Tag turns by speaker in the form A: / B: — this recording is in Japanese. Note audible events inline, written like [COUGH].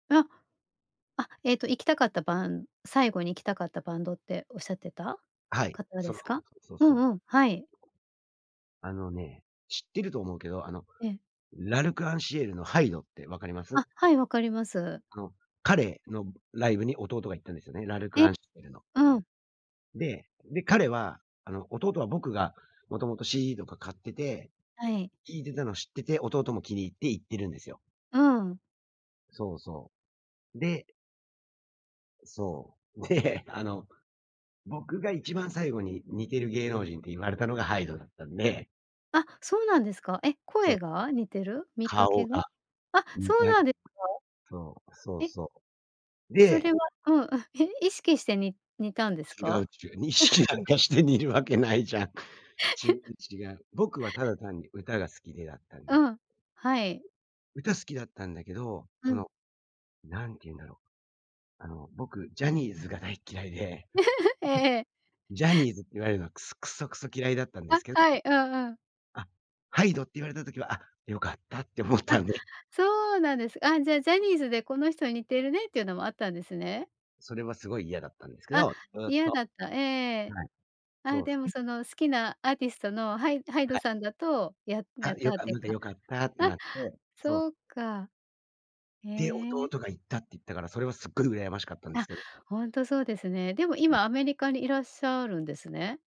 A: あ、あ、えっと行きたかったバン最後に行きたかったバンドっておっしゃってた
B: はい。
A: 方で
B: その
A: す
B: そ
A: か？
B: う、そう、
A: う
B: そう。
A: んうん、はい。
B: あのね、知ってると思うけど、あの、
A: ええ。
B: L'Arc〜en〜Ciel の hyde って分かります？
A: あ、はい、わかります。
B: の、彼の、ぶライブに弟が行ったんですよね、L'Arc〜
A: え、
B: en〜Ciel の。
A: うん。
B: で、で、彼は、あの、弟は僕がもともと CD とか買ってて
A: はい。
B: 聴いてたの知ってて、弟も気に入って行ってるんですよ。
A: うん。
B: そうそう。でそう。で、あの、僕が一番最後に似てる芸能人って言われたのが hyde だったんで
A: あ、そうなんですか？え、
B: そう。
A: 声が？似てる？見かけ
B: 顔
A: が？
B: が、
A: あ、そ
B: 似
A: う
B: た
A: なんで、か？
B: [UNINTELLIGIBLE] そう、そう
A: え。
B: そう。
A: そ
B: で
A: れは、うんうん、え？意識して、に似たんです
B: 違
A: か？
B: うっちゅう、意識なんかして
A: [CHUCKLES]
B: 似るわけないじゃん。違う
A: [LAUGHS]
B: 違う。僕はただ単に歌が好きでだったんだ
A: う
B: け
A: ん、はい。
B: 歌好きだったんだけど、
A: う
B: そ
A: ん。
B: の、なんてゆうんだろう、あの、僕ジャニーズが大っ嫌いで、
A: [GIGGLES] ええええ。
B: ジャニーズって言われるのは、くすクソクソ嫌いだったんで
A: あ、
B: すけど、
A: はい、うんうん。
B: あ、hyde って言われた時は、あ、良かったって思っ
A: あ、
B: たんで。
A: そうなんです。あ、じゃあジャニーズで、この人に似てるねっていうのもあったんですね？
B: それはすごい嫌だったんですけ
A: あ、
B: ど、ずっ
A: 嫌
B: と、
A: だった。ええええええ、
B: はい。そ
A: あ、
B: う
A: で
B: す
A: も
B: ね。
A: その好きなアーティストのハイ hyde
B: はい。
A: さんだと、やや
B: あ、
A: っ
B: よ
A: たっ
B: か
A: ていう
B: まだ、
A: か。
B: 良かったって
A: あ、
B: なって、そう。
A: そうか。へ
B: で、弟
A: え。
B: が行ったって言ったから、それはすっごい羨ましかったんです
A: あ、
B: けど
A: ほんとそうですね。でも
B: うん。
A: 今アメリカにいらっしゃるんですね？